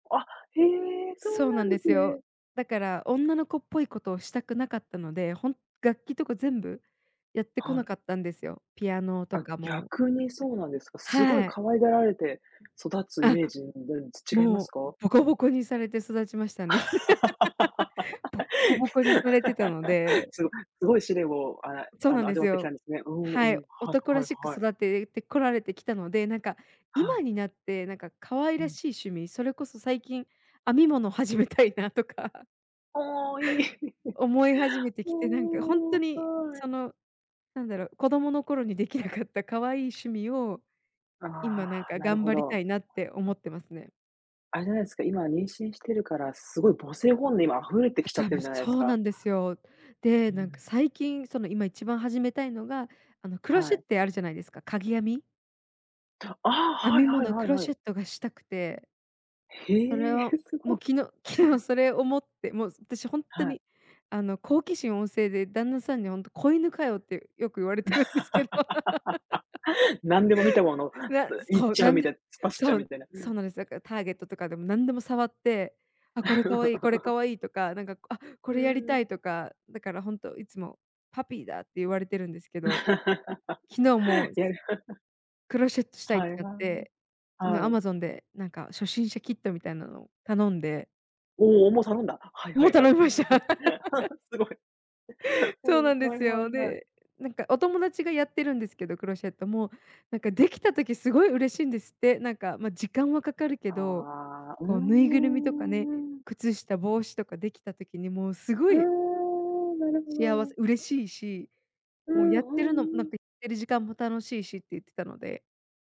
あ、へえ、そうそうななんんでですすよ。ね。だから女の子っぽいことをしたくなかったので、ほん楽器とか全部やってこはない。かったんですよ。ピアノとあ、かも。逆にそうなんですか。凄いはい。可愛がられて育つイあ、メージ、ん、なんち違いまもすうか？ボコボコにされて育ちましたね。ボッコボコにされてたの ですごすごい試練を、あそうあなんの、で味わすってきたよ。んですね。うんうはい、ん、はい男らはいしくはい。育ててこられてきたので、なんか、は今い。になって、なんか、可愛うらん。しい趣味、それこそ最近、編み物始めたいなとかああ、いい。思い始めてきて、なんか、ほんともう、に、はい。その、なんだろう、子供の頃にできなかった可愛い趣味を、今、あなんあ、か、なる頑ほ張りたど。いなって思ってますね。あれじゃないすか、今、妊娠してるからすごい母性本能溢れてあ、きちゃっ多てる分、じゃないですそうか。なんですよ。で、うなんか、ん。最近、その、今一番始めたいのが、あの、クロはシェっい。てあるじゃないですか、かぎ編み。たああ、編はいみはい物、はクいロはシい。ェットがしたくて。へそれえ、をすもうご。昨日昨日、それ思って。もう、私、ほんとはい。に、あの、好奇心旺盛で、旦那さんにほんと、「子犬かよ」ってよく言われてるんですけど。何でも見たもの、と な言っそう、ちゃなうんみたでいな、突っ走っちゃそうみう、たいな、うそん。うなんです。だから Target とかでも何でも触って、「あ、これ可愛い、これ 可愛い」とか、なんか、「あ、こうれやりーたん。い」とか。だからほんと、いつも、「パピーだ」って言われてるんですけど。昨日もや。クロシェットしたいっはいてなっはい。て、昨日はい。Amazon で、なんか、初心者キットみたいなのを頼んで。おお、もう頼んだ。はいはもういは頼い、みました。すごい。うそうなんん、ではいすはよ。いはい。で、なんか、お友達がやってるんですけど、クロシェットも、なんか、できた時、すごい嬉しいんですって。なんか、ま、時間はかかるけど、ああ、うこう、ぬいぐるみとかね、ーん。靴下、帽子とか出来た時にもうすごうーいん、なるほ幸ど。せ、嬉しいし、うもうん、やうってるのなんーん。ててる時間も楽しいしって言ってたので。